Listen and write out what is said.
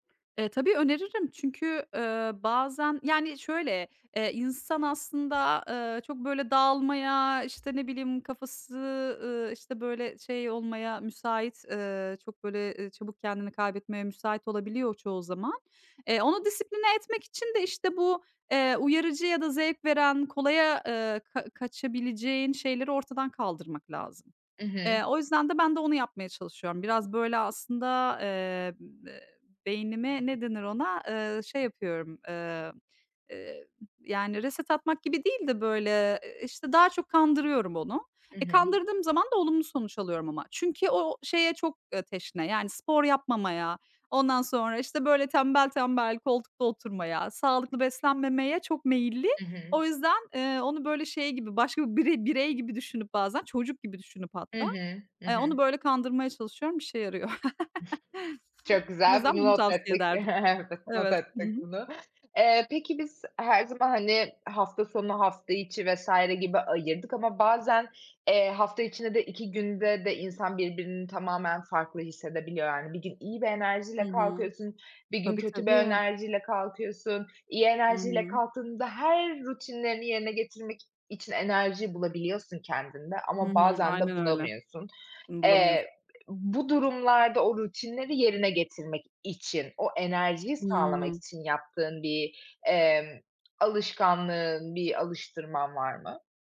E, tabii, öneririm çünkü, eee, bazen Yani, şöyle, eee, insan aslında, ııı, çok, böyle, dağılmaya, işte, ne bileyim, kafası, ııı, işte, böyle, şey olmaya müsait, ııı, çok böyle, eee, çabuk kendini kaybetmeye müsait olabiliyor çoğu zaman. Eee, onu disipline etmek için de, işte, bu, eee, uyarıcı ya da zevk veren, kolaya, eee, ka kaçabileceğin şeyleri ortadan kaldırmak lazım. I hı. Eee, o yüzden de ben de onu yapmaya çalışıyorum. Biraz, böyle, aslında, eee, ı m beynimi, ne denir ona, eee, şey yapıyorum, eee, eee, yani, reset atmak gibi değil de, böyle, eee, işte, daha çok kandırıyorum onu. I E, hı. kandırdığım zaman da olumlu sonuç alıyorum ama. Çünkü o şeye çok, eee, teşne, yani, spor yapmamaya, ondan sonra, işte, böyle, tembel tembel koltukta oturmaya, sağlıklı beslenmemeye çok meyilli. I hı. O yüzden, eee, onu, böyle, şey gibi, başka bire birey gibi düşünüp bazen, çocuk gibi düşünüp Hı hatta, hı. Hı eee, hı. onu, böyle, kandırmaya çalışıyorum, işe yarıyor. Çok Bu güzel, yüzden bunu bunu not tavsiye ettik. ederdim. Evet, not Evet. Hı ettik hı. bunu. Eee, peki biz her zaman, hani, hafta sonu, hafta içi vs. gibi ayırdık ama bazen, eee, hafta içine de 2 günde de insan birbirinin tamamen farklı hissedebiliyor, yani. Bir gün iyi bir Hı enerjiyle hı. kalkıyorsun, bir gün Tabii, kötü bir tabii. enerjiyle kalkıyorsun. İyi Hı enerjiyle hı. kalktığında her rutinlerini yerine getirmek için enerji bulabiliyorsun kendinde. Hı Ama hı. bazen de Aynen öyle. bulamıyorsun. Bulamıyorsun. Eee, bu durumlarda o rutinleri yerine getirmek için, o enerjiyi sağlamak Hımm. için yaptığın bir, emm, alışkanlığın, bir alıştırman var mı?